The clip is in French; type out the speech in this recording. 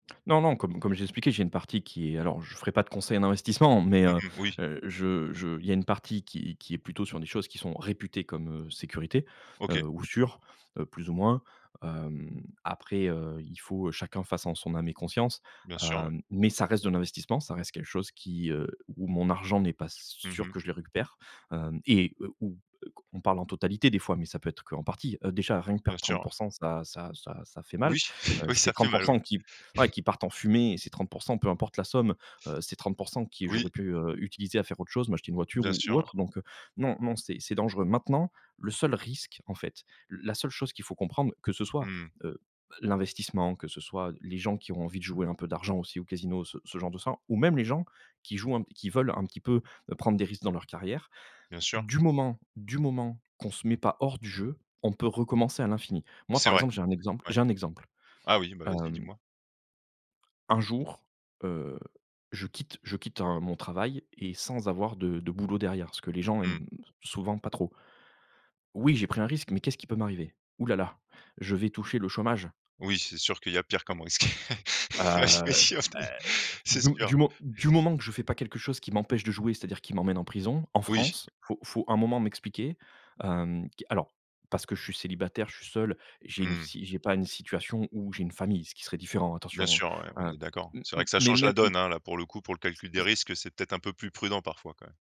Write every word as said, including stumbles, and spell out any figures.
Non, non comme comme j'ai expliqué, j'ai une partie qui est alors je ferai pas de conseils en investissement, mais Mmh heu, mh, oui. je je, il y a une partie qui qui est plutôt sur des choses qui sont réputées comme, heu, sécurité, OK. heu, ou sûr, heu, plus ou moins, hem, après, heu, il faut chacun fasse en son âme et conscience, Bien sûr, ouais. hem, mais ça reste de l'investissement, ça reste quelque chose qui heu, où mon argent n'est pas Mmh sûr mh. que je le récupère, hem, et où, heu, q on parle en totalité des fois, mais ça peut être qu'en partie. Heu, déjà rien que Bien perdre sûr, trente ouais. pour cent ça ça ça ça fait mal. Oui, Heu, oui, c'est ça fait trente pour mal oui. cent qui, ouais, qui partent en fumée et ces trente pour cent peu importe la somme, heu, c'est trente pour cent qui j'aurais Oui. pu, heu, utiliser à faire autre chose, m'acheter une voiture Bien ou sûr, ou ouais. autre, donc heu, non, non c'est c'est dangereux. Maintenant, le seul risque en fait, la seule chose qu'il faut comprendre, que ce soit, Mmh mh. heu, l'investissement, que ce soit les gens qui ont envie de jouer un peu d'argent aussi au casino, ce ce genre de ça ou même les gens qui jouent un qui veulent un petit peu prendre des risques dans leur carrière, Bien sûr. du moment du moment qu'on ne se met pas hors du jeu, on peut recommencer à l'infini. Moi C'est par vrai, exemple j'ai un exemple ouais. j'ai un exemple, Ah oui, bah, vas-y, hem dis-moi. un jour, heu, je quitte je quitte un mon travail, et sans avoir de de boulot derrière, ce que les gens Mmh. aiment souvent pas trop oui, j'ai pris un risque, mais qu'est-ce qui peut m'arriver? Ouh là là, je vais toucher le chômage. Oui, c'est sûr qu'il y a pire comme risque. Heu, Ça c'est bah, sûr c'est, c'est de sûr. du mo du moment que je fais pas quelque chose qui m'empêche de jouer, c'est-à-dire qui m'emmène en prison en Oui. France, faut faut, à un moment, m'expliquer. Hem, q alors, parce que je suis célibataire, je suis seul, j'ai une Mmh. si j'ai pas une situation où j'ai une famille, ce qui serait différent, Bien attention. sûr, ouais, on Heu, est d'accord. m C'est vrai m que ça mais change la même m donne, hein. Là, pour le coup, pour le S calcul des [unintelligible] risques, heu, c'est peut-être un peu plus prudent, parfois, quand même.